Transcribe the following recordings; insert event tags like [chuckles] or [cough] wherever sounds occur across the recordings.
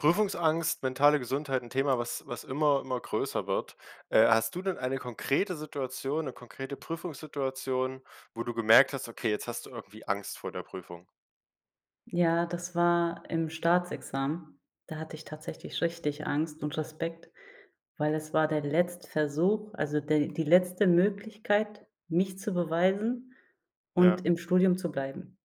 Prüfungsangst, mentale Gesundheit, 'n Thema, was was immer immer größer wird. Äh, hast du denn eine konkrete Situation, 'ne konkrete Prüfungssituation, wo du gemerkt hast: Okay, jetzt hast du irgendwie Angst vor der Prüfung? Ja, das war im Staatsexamen. Da hatte ich tatsächlich richtig Angst und Respekt, weil es war der letzte Versuch, also, der die letzte Möglichkeit, mich zu beweisen Ja. und im Studium zu bleiben.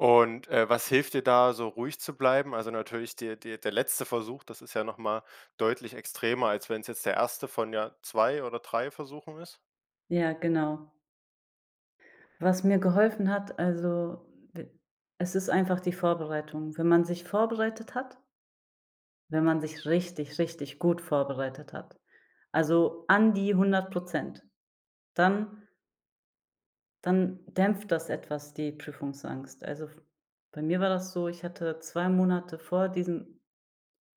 Und, äh, was hilft dir, da so ruhig zu bleiben? Also, natürlich der der der letzte Versuch, das ist ja noch mal deutlich extremer, als wenn's jetzt der 1. von ja 2 oder 3 Versuchen ist. Ja, genau. Was mir geholfen hat, also, w es ist einfach die Vorbereitung. Wenn man sich vorbereitet hat wenn man sich richtig, richtig gut vorbereitet hat, also, an die 100 %, dann dann dämpft das etwas, die Prüfungsangst. Also f bei mir war das so, ich hatte 2 Monate vor diesem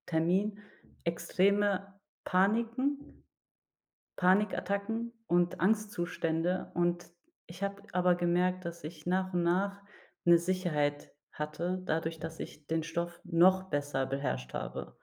Termin extreme Paniken, Panikattacken und Angstzustände. Und ich habe aber gemerkt, dass ich nach und nach 'ne Sicherheit hatte dadurch, dass ich den Stoff noch besser beherrscht habe.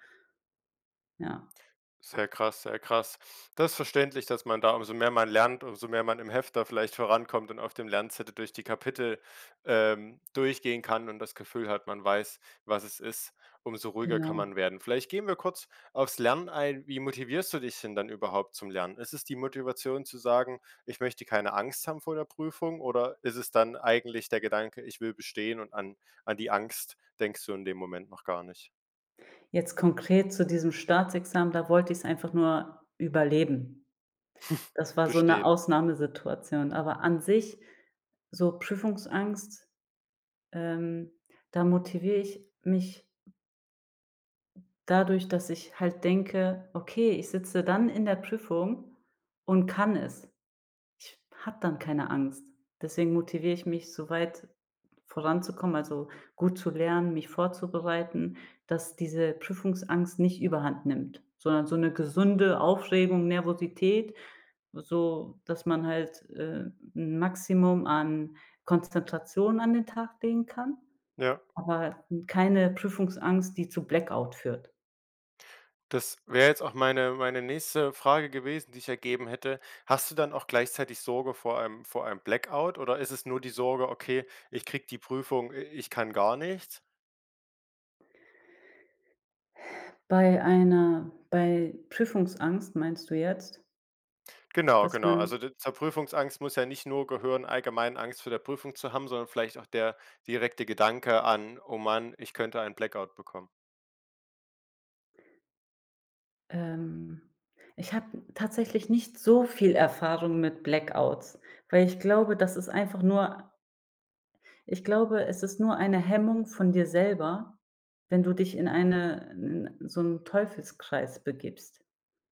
Ja. Sehr krass, sehr krass. Das verständlich, dass man da umso mehr man lernt, umso mehr man im Hefter vielleicht vorankommt und auf dem Lernzettel durch die Kapitel, ähm, durchgehen kann und das Gefühl hat, man weiß, was es ist, umso ruhiger kann Genau. man werden. Vielleicht gehen wir kurz auf's Lernen ein. Wie motivierst du dich denn dann überhaupt zum Lernen? Ist es die Motivation zu sagen: „Ich möchte keine Angst haben vor der Prüfung,“ oder ist es dann eigentlich der Gedanke, „Ich will bestehen,“ und an an die Angst denkst du in dem Moment noch gar nicht? Jetzt konkret zu diesem Staatsexamen, da wollt ich's einfach nur überleben. [chuckles] Das war so 'ne Bestehen. Ausnahmesituation. Aber an sich, so Prüfungsangst, ähm, da motivier ich mich dadurch, dass ich halt denke: „Okay, ich sitze dann in der Prüfung und kann es.“ Ich habe dann keine Angst. Deswegen motiviere ich mich, so weit voranzukommen also, gut zu lernen, mich vorzubereiten, dass diese Prüfungsangst nicht überhand nimmt, sondern so 'ne gesunde Aufregung, Nervosität, so dass man halt, äh, 'n Maximum an Konzentration an den Tag legen kann, Ja. aber keine Prüfungsangst, die zu Blackout führt. Das wäre jetzt auch meine meine nächste Frage gewesen, die ich ergeben hätte. Hast du dann auch gleichzeitig Sorge vor einem vor einem Blackout oder ist es nur die Sorge: „Okay, ich kriege die Prüfung äh, ich kann gar nichts?“ Bei einer bei Prüfungsangst meinst du jetzt? Genau, Dass genau. Also man d zur Prüfungsangst muss ja nicht nur gehören, allgemein Angst vor der Prüfung zu haben, sondern vielleicht auch der direkte Gedanke an: „Oh Mann, ich könnte ein Blackout bekommen.“ Ähm, ich habe tatsächlich nicht so viel Erfahrung mit Blackouts, weil ich glaube, das ist einfach nur Ich glaube, es ist nur eine Hemmung von dir selber, wenn du dich in eine 'n so 'n Teufelskreis begibst.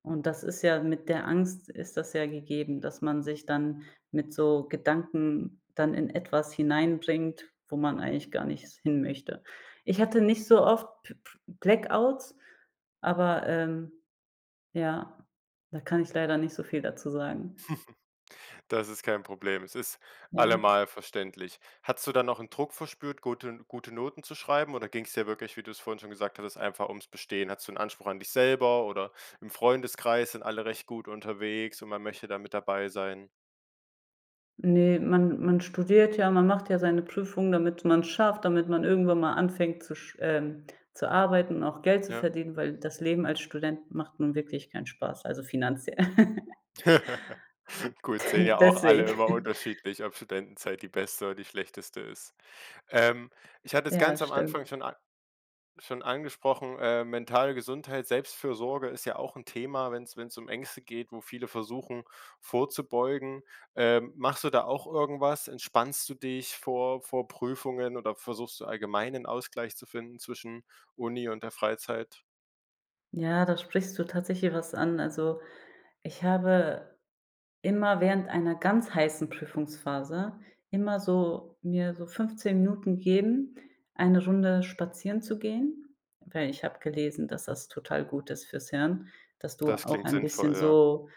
Und das ist ja mit der Angst ist das ja gegeben, dass man sich dann mit so Gedanken dann in etwas hineinbringt, wo man eigentlich gar nicht s hinmöchte. Ich hatte nicht so oft B B Blackouts, aber, ähm ja, da kann ich leider nicht so viel dazu sagen. [chuckles] Das ist kein Problem. Es ist Ja. allemal verständlich. Hattest du dann auch 'n Druck verspürt, guten gute Noten zu schreiben oder ging's dir wirklich, wie du's vorhin schon gesagt hattest, einfach ums Bestehen? Hattest du 'n Anspruch an dich selber oder im Freundeskreis sind alle recht gut unterwegs und man möchte da mit dabei sein. Ne, man man studiert ja, man macht ja seine Prüfung, damit man's schafft, damit man irgendwann mal anfängt zu sch ähm, zu arbeiten und auch Geld zu Ja. verdienen, weil das Leben als Student macht nun wirklich keinen Spaß. Also finanziell. [laughs] [laughs] Gut, sehen [chuckles] ja auch alle Deswegen. immer [chuckles] unterschiedlich, ob Studentenzeit die beste oder die schlechteste ist. Ähm, ich hatte es Ja, ganz am Anfang stimmt. schon a schon angesprochen, äh, mentale Gesundheit, Selbstfürsorge ist ja auch 'n Thema, wenn's wenn's um Ängste geht, wo viele versuchen, vorzubeugen. Ähm, machst du da auch irgendwas? Entspannst du dich vor vor Prüfungen oder versuchst du allgemein 'nen Ausgleich zu finden zwischen Uni und der Freizeit? Ja, da sprichst du tatsächlich was an. Also, ich habe immer während einer ganz heißen Prüfungsphase immer so mir so 15 Minuten gegeben, eine Runde spazieren zu gehen, weil ich habe gelesen, dass das total gut ist fürs Hirn, dass du Das auch klingt ein bisschen sinnvoll, ja. so,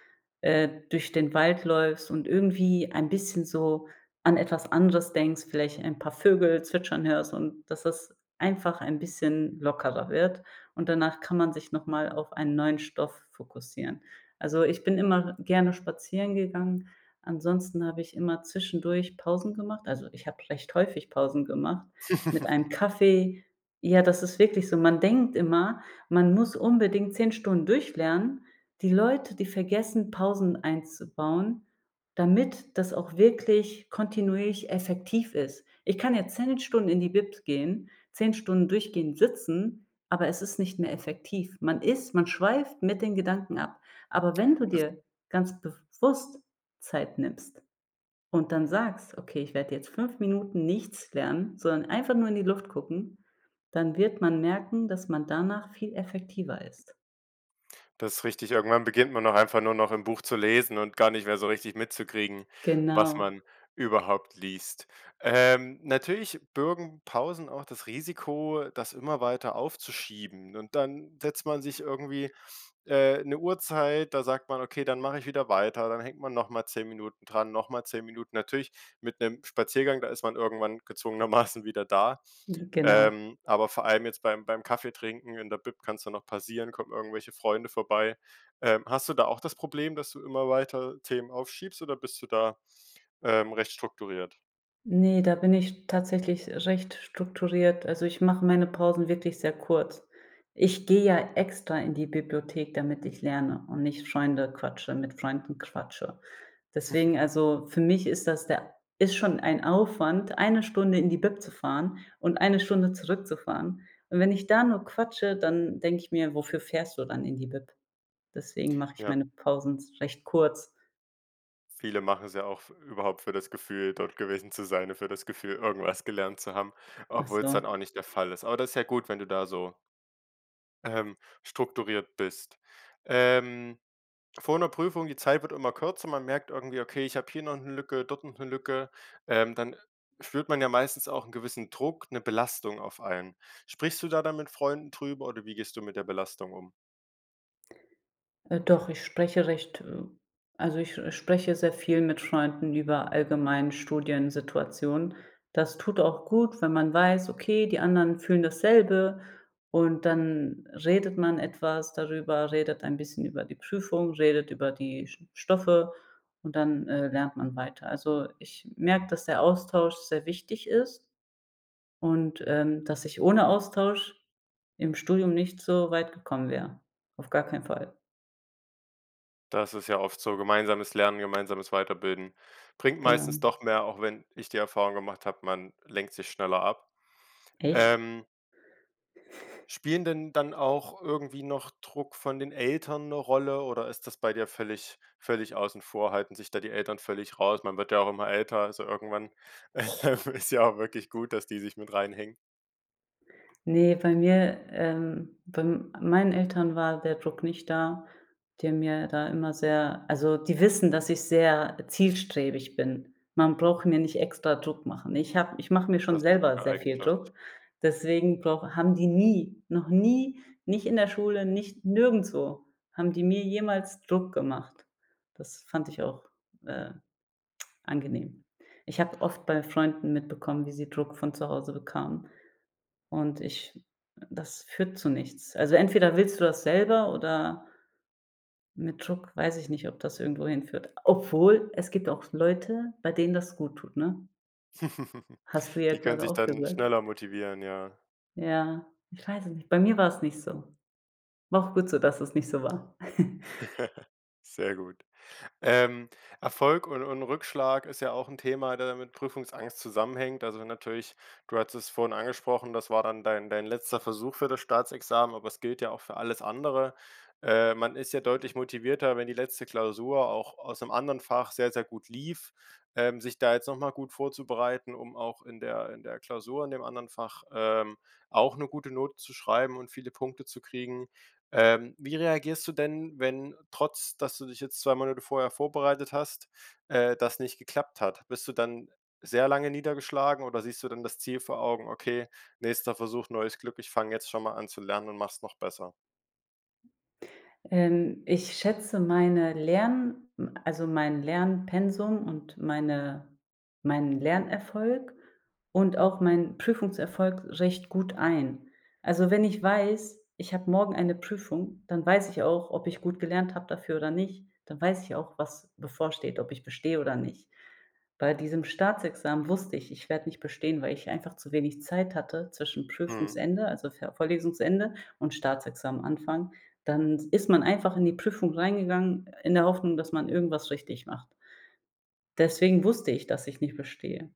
äh, durch den Wald läufst und irgendwie ein bisschen so an etwas anderes denkst, vielleicht ein paar Vögel zwitschern hörst und dass das einfach ein bisschen lockerer wird. Und danach kann man sich noch mal auf einen neuen Stoff fokussieren. Also, ich bin immer gerne spazieren gegangen. Ansonsten habe ich immer zwischendurch Pausen gemacht- also, ich habe vielleicht häufig Pausen gemacht- mit [laughs] einem Kaffee. Ja, das ist wirklich so. Man denkt immer, man muss unbedingt 10 Stunden durchlernen. Die Leute, die vergessen, Pausen einzubauen, damit das auch wirklich kontinuierlich effektiv ist. Ich kann jetzt 10 Stunden in die Bib gehen, 10 Stunden durchgehend sitzen, aber es ist nicht mehr effektiv. Man ist man schweift mit den Gedanken ab. Aber wenn du Das dir ganz bewusst Zeit nimmst und dann sagst: „Okay, ich werde jetzt 5 Minuten nichts lernen, sondern einfach nur in die Luft gucken“, dann wird man merken, dass man danach viel effektiver ist. Das ist richtig. Irgendwann beginnt man auch einfach nur noch im Buch zu lesen und gar nicht mehr so richtig mitzukriegen, was Genau. man überhaupt liest. Ähm, natürlich bürgen Pausen auch das Risiko, das immer weiter aufzuschieben. Und dann setzt man sich irgendwie, äh, 'ne Uhrzeit, da sagt man: „Okay, dann mache ich wieder weiter.“ Dann hängt man noch mal 10 Minuten dran, noch mal 10 Minuten. Natürlich mit 'nem Spaziergang, da ist man irgendwann gezwungenermaßen wieder da. Mhm, genau. Ähm, aber vor allem jetzt beim beim Kaffeetrinken in der Bib kann's dann auch passieren, kommen irgendwelche Freunde vorbei. Ähm, hast du da auch das Problem, dass du immer weiter Themen aufschiebst, oder bist du da, ähm, recht strukturiert? Ne, da bin ich tatsächlich recht strukturiert. Also, ich mache meine Pausen wirklich sehr kurz. Ich gehe ja extra in die Bibliothek, damit ich lerne und nicht Freunde quatsche mit Freunden quatsche. [chuckles] Deswegen, also, für mich ist das der ist schon ein Aufwand, eine Stunde in die Bib zu fahren und eine Stunde zurückzufahren. Und wenn ich da nur quatsche, dann denke ich mir: „Wofür fährst du dann in die Bib?“ Deswegen mache ich Ja. meine Pausen z recht kurz. Viele machen's ja auch f überhaupt für das Gefühl, dort gewesen zu sein, ne, für das Gefühl, irgendwas gelernt zu haben, Ach obwohl's dann auch so. nicht der Fall ist. Aber das ist ja gut, wenn du da so ähm, strukturiert bist. Ähm, vor 'ner Prüfung, die Zeit wird immer kürzer, man merkt irgendwie, okay, ich habe hier noch 'ne Lücke, dort noch 'ne Lücke, ähm, dann spürt man ja meistens auch 'n gewissen Druck, 'ne Belastung auf einen. Sprichst du da dann mit Freunden drüber oder wie gehst du mit der Belastung um? Äh, doch, ich spreche recht, äh also ich spreche sehr viel mit Freunden über allgemeinen Studiensituationen. Das tut auch gut, wenn man weiß, okay, die anderen fühlen dasselbe und dann redet man etwas darüber, redet ein bisschen über die Prüfung, redet über die St Stoffe und dann, äh, lernt man weiter. Also, ich merke, dass der Austausch sehr wichtig ist und, ähm, dass ich ohne Austausch im Studium nicht so weit gekommen wäre. Auf gar keinen Fall. Das ist ja oft so. Gemeinsames Lernen, gemeinsames Weiterbilden bringt Genau. meistens doch mehr, auch wenn ich die Erfahrung gemacht habe, man lenkt sich schneller ab. Echt? Ähm Spielen denn dann auch irgendwie noch Druck von den Eltern 'ne Rolle oder ist das bei dir völlig völlig außen vor halten sich da die Eltern völlig raus? Man wird ja auch immer älter. Also, irgendwann, [laughs] ähm, ist ja auch wirklich gut, dass die sich mit reinhängen. Ne, bei mir ähm, bei meinen Eltern war der Druck nicht da, die haben mir da immer sehr also die wissen, dass ich sehr zielstrebig bin. Man braucht mir nicht extra Druck machen. Ich habe ich mache mir schon Das ist 'ne selber gute sehr viel Eigenschaft. Druck, deswegen brauche haben die nie, noch nie, nicht in der Schule, nicht nirgendswo haben die mir jemals Druck gemacht. Das fand ich auch, äh, angenehm. Ich habe oft bei Freunden mitbekommen, wie sie Druck von zu Hause bekamen, und ich das führt zu nichts. Also entweder willst du das selber oder mit Druck weiß ich nicht, ob das irgendwo hinführt. Obwohl, es gibt auch Leute, bei denen das gut tut, ne? [chuckles] Hast du ja Die können gerade sich auch dann gesagt. schneller motivieren, ja. Ja, ich weiß es nicht. Bei mir war's nicht so. War auch gut so, dass es nicht so war. [chuckles] [chuckles] Sehr gut. Ähm, Erfolg und und Rückschlag ist ja auch 'n Thema, der mit Prüfungsangst zusammenhängt. Also wenn natürlich du hattest es vorhin angesprochen, das war dann dein dein letzter Versuch für das Staatsexamen, aber es gilt ja auch für alles andere. Äh, man ist ja deutlich motivierter, wenn die letzte Klausur auch aus 'nem anderen Fach sehr sehr gut lief, ähm, sich da jetzt noch mal gut vorzubereiten, um auch in der in der Klausur in dem anderen Fach, ähm, auch 'ne gute Note zu schreiben und viele Punkte zu kriegen. Ähm, wie reagierst du denn, wenn, trotz, dass du dich jetzt 2 Monate vorher vorbereitet hast, äh, das nicht geklappt hat? Bist du dann sehr lange niedergeschlagen oder siehst du dann das Ziel vor Augen: „Okay, nächster Versuch, neues Glück, ich fange jetzt schon mal an zu lernen und mach's noch besser?“ Ähm, ich schätze meine Lern hm, also, mein Lernpensum und meine meinen Lernerfolg und auch meinen Prüfungserfolg recht gut ein. Also, wenn ich weiß, ich habe morgen eine Prüfung, dann weiß ich auch, ob ich gut gelernt habe dafür oder nicht. Dann weiß ich auch, was bevorsteht, ob ich bestehe oder nicht. Bei diesem Staatsexamen wusste ich, ich werde nicht bestehen, weil ich einfach zu wenig Zeit hatte zwischen Mhm. Prüfungsende, also, ve Vorlesungsende und Staatsexamen Anfang, dann ist man einfach in die Prüfung reingegangen in der Hoffnung, dass man irgendwas richtig macht. Deswegen wusste ich, dass ich nicht bestehe.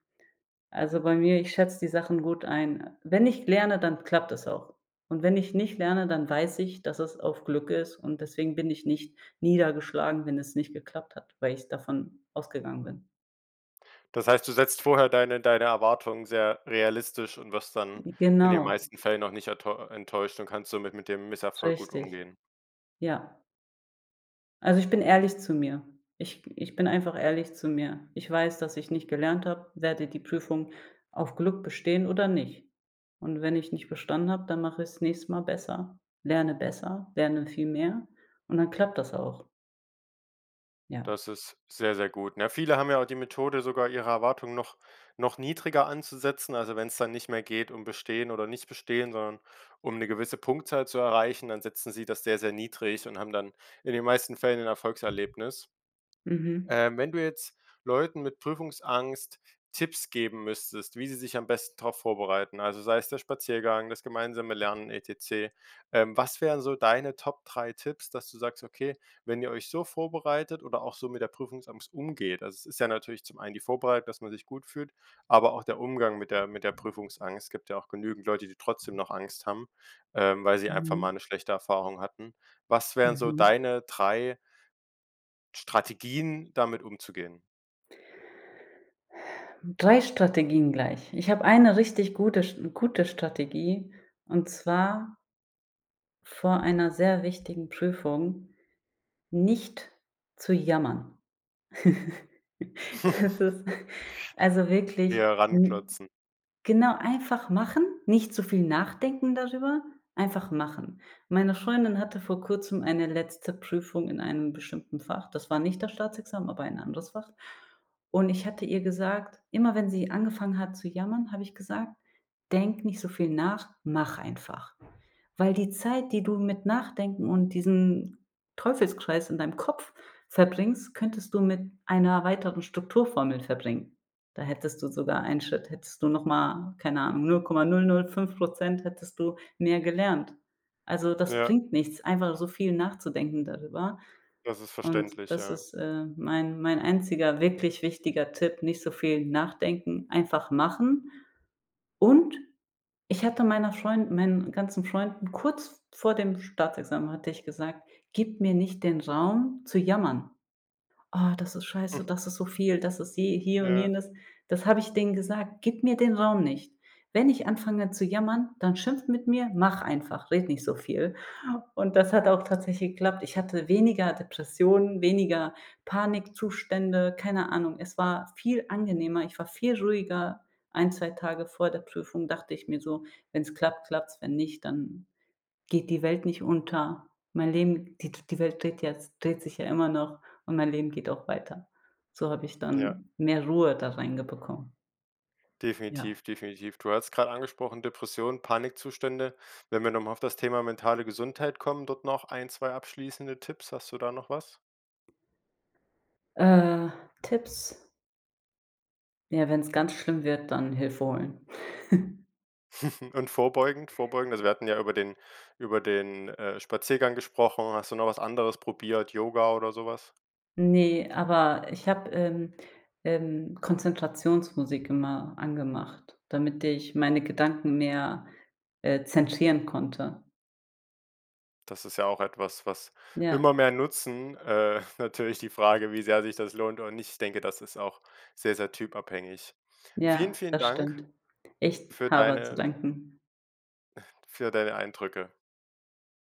Also, bei mir, ich schätze die Sachen gut ein. Äh, wenn ich lerne, dann klappt das auch. Und wenn ich nicht lerne, dann weiß ich, dass es auf Glück ist und deswegen bin ich nicht niedergeschlagen, wenn es nicht geklappt hat, weil ich davon ausgegangen bin. Das heißt, du setzt vorher deine deine Erwartungen sehr realistisch und wirst dann in den Genau. meisten Fällen auch nicht ertäu e enttäuscht und kannst somit mit dem Misserfolg gut Richtig. umgehen. Ja. Also, ich bin ehrlich zu mir. Ich ich bin einfach ehrlich zu mir. Ich weiß, dass ich nicht gelernt habe, werde die Prüfung auf Glück bestehen oder nicht. Und wenn ich nicht bestanden habe, dann mache ich's nächste Mal besser, lerne besser, lerne viel mehr und dann klappt das auch. Ja. Das ist sehr, sehr gut. Na ja, viele haben ja auch die Methode sogar, ihre Erwartungen noch noch niedriger anzusetzen, also wenn's dann nicht mehr geht, um bestehen oder nicht bestehen, sondern um 'ne gewisse Punktzahl zu erreichen, dann setzen sie das sehr, sehr niedrig und haben dann in den meisten Fällen ein Erfolgserlebnis. Mhm. Ähm, wenn du jetzt Leuten mit Prüfungsangst Tipps geben müsstest, wie sie sich am besten drauf vorbereiten, also sei es der Spaziergang, das gemeinsame Lernen etcc, ähm, was wären so deine Top 3 Tipps, dass du sagst: „Okay, wenn ihr euch so vorbereitet oder auch so mit der Prüfungsangst umgeht,“ also es ist ja natürlich zum einen die Vorbereitung, dass man sich gut fühlt, aber auch der Umgang mit der mit der Prüfungsangst. Es gibt ja auch genügend Leute, die trotzdem noch Angst haben, ähm, weil sie einfach mal Mhm. 'ne schlechte Erfahrung hatten. Was wären so Mhm. deine 3 Strategien, damit umzugehen? 3 Strategien gleich. Ich habe eine richtig gute Sch gute Strategie und zwar vor einer sehr wichtigen Prüfung nicht zu jammern. [chuckles] Das ist also [chuckles] wirklich Eher n ranklotzen. genau einfach machen, nicht zu viel nachdenken darüber, einfach machen. Meine Freundin hatte vor Kurzem eine letzte Prüfung in einem bestimmten Fach. Das war nicht das Staatsexamen, aber ein anderes Fach. Und ich hatte ihr gesagt immer wenn sie angefangen hat zu jammern, habe ich gesagt: „Denke nicht so viel nach, mach einfach. Weil die Zeit die du mit nachdenken und diesen Teufelskreis in deinem Kopf verbringst könntest du mit einer weiteren Strukturformel verbringen da hättest du sogar einen Schritt hättest du noch mal, keine Ahnung, 0,005 % hättest du mehr gelernt. Also das Ja. bringt nichts, einfach so viel nachzudenken darüber. Das ist Und verständlich, das ja. ist, äh, mein mein einziger wirklich wichtiger Tipp: Nicht so viel nachdenken, einfach machen. Und ich hatte meiner Freund meinen ganzen Freunden, kurz vor dem Staatsexamen hatte ich gesagt: „Gib mir nicht den Raum zu jammern. Oh, das ist Mhm. scheiße, das ist so viel, das ist je hier und Ja. jenes.“ Das habe ich denen gesagt: „Gib mir den Raum nicht. Wenn ich anfange zu jammern, dann schimpft mit mir. Mach einfach, rede nicht so viel.“ Und das hat auch tatsächlich geklappt. Ich hatte weniger Depressionen, weniger Panikzustände, keine Ahnung. Es war viel angenehmer. Ich war viel ruhiger. Ein, 2 Tage vor der Prüfung dachte ich mir so: Wenn's klappt, klappt's. Wenn nicht, dann geht die Welt nicht unter. Mein Leben die die Welt dreht jetzt dreht sich ja immer noch und mein Leben geht auch weiter. So habe ich Ja. dann mehr Ruhe da reinge bekommen. Ja. Definitiv, definitiv. Du hattest grade angesprochen: Depression, Panikzustände. Wenn wir noch mal auf das Thema mentale Gesundheit kommen, dort noch ein, 2 abschließende Tipps. Hast du da noch was? Äh, Tipps? Ja, wenn's ganz schlimm wird, dann Hilfe holen. [chuckles] [chuckles] Und vorbeugend, vorbeugend also wir hatten ja über den über den, äh, Spaziergang gesprochen. Hast du noch was anderes probiert, Yoga oder so was? Ne, aber ich habe, ähm ähm, Konzentrationsmusik immer angemacht, damit ich meine Gedanken mehr, äh, zentrieren konnte. Das ist ja auch etwas, was Ja. immer mehr nutzen. Äh, natürlich die Frage, wie sehr sich das lohnt oder nicht. Ich denke, das ist auch sehr, sehr typabhängig. Ja, Vielen, vielen das Dank stimmt. Ich für habe zu deine danken. [chuckles] für deine Eindrücke.